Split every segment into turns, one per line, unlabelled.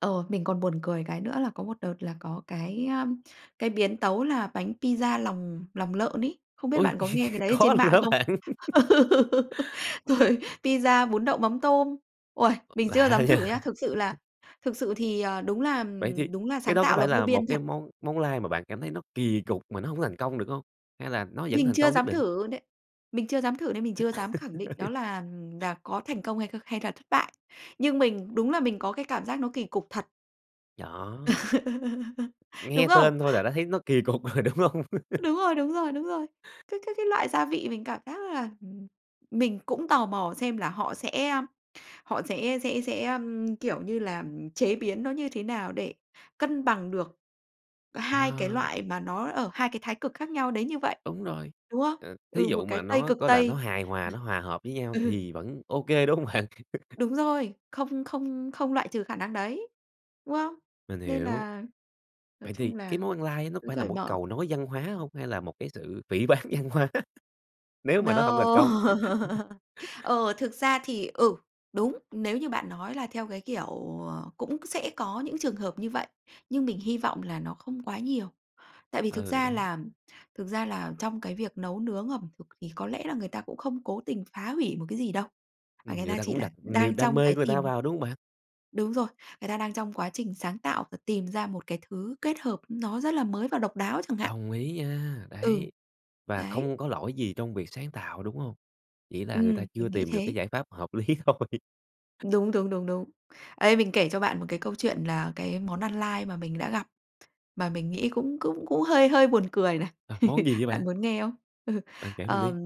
Ồ, mình còn buồn cười cái nữa là có một đợt là có cái, a, cái biến tấu là bánh pizza lòng lòng lợn ấy. Không biết
Ôi!
bạn có nghe cái đấy ở
Có
trên
luôn
mạng
hả
không?
bạn?
Ừ, rồi, pizza, bún đậu mắm tôm. Uầy, mình chưa
Lạ
dám
nha!
thử nhá. Thực sự là thực sự thì, ờ, đúng là,
Vậy thì
ừm, đúng là
cái
sáng
đó có
tạo là
phải
vô
là một
biên
cái
thật.
món món lai mà bạn cảm thấy nó kỳ cục mà nó hông có thành công được hông, hay là nó vẫn
Mình
thành
chưa
công nhất
dám
định?
thử luôn đấy. Mình chưa dám thử nên mình chưa dám khẳng định đó là, ừm, đà có thành công hay kh hay thà thất bại. Nhưng mình đúng là mình có cái cảm giác nó kỳ cục thật.
Gió.
Đúng
Nghe
không?
tên thôi là đã thấy nó kỳ cục rồi, đúng hông?
Đúng rồi, đúng rồi, đúng rồi. Cái cái cái loại gia vị mình cảm giác là, ừm, mình cũng tò mò xem là họ sẽ, a, họ sẽ sẽ sẽ, ờm, kiểu như là, chế biến nó như thế nào để cân bằng được 2 cái
Ờ.
loại mà nó ở 2 cái thái cực khác nhau đến như vậy,
Đúng rồi,
đúng không?
ờ, thí
Ừ,
dụ
một cái
mà
Tây,
nó
cực
có là nó
Tây
hài hòa, nó hòa hợp với nhau
ừ.
thì vẫn ô kê, đúng hông bạn?
Đúng rồi. Không không không loại trừ khả năng đấy, đúng không?
Mình
Nên
hiểu.
là, nói
Vậy thì
chung
cái
là,
món ăn lai nó có
cứ
phải là
cởi
một
mở.
cầu nối văn hóa hông hay là một cái sự phỉ báng văn hóa, nếu mà nó hông
No!
thành công?
Ờ, thực ra thì, ừ, đúng, nếu như bạn nói là theo cái kiểu, ờ, cũng sẽ có những trường hợp như vậy. Nhưng mình hy vọng là nó không quá nhiều. Tại vì thực
Ừ,
ra
đấy.
là thực ra là trong cái việc nấu nướng ẩm thực thì có lẽ là người ta cũng không cố tình phá hủy một cái gì đâu. Mà
Ừm,
người
người
ta
ta
chỉ
cũng
là
đặt
đang
niềm đam
trong
mê
cái
của người ta
tìm
vào, đúng hông bạn?
Đúng rồi. Người ta đang trong quá trình sáng tạo và tìm ra một cái thứ kết hợp nó rất là mới và độc đáo chẳng hạn.
Đồng ý nha.
Ừ,
Đấy, và
đấy.
không có lỗi gì trong việc sáng tạo, đúng hông? Chỉ là người ta
Ừm,
chưa
mình nghĩ
tìm được cái
thế.
giải pháp hợp lý thôi.
Đúng, đúng, đúng, đúng. Đây, mình kể cho bạn một cái câu chuyện là cái món ăn lai mà mình đã gặp, mà mình nghĩ cũng cũng cũng hơi hơi buồn cười này.
Ờ, món gì vậy
Bạn
bạn?
muốn nghe không? Ừ,
Bạn kể mình
ờm,
đi.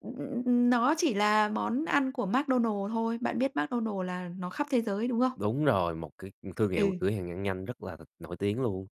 ừm, ừ, ừm, ừm nó chỉ là món ăn của McDonald thôi. Bạn biết McDonald là nó khắp thế giới, đúng không?
Đúng rồi, một cái, ừ, thương hiệu
Ừ.
cửa hàng ăn nhanh rất là nổi tiếng luôn.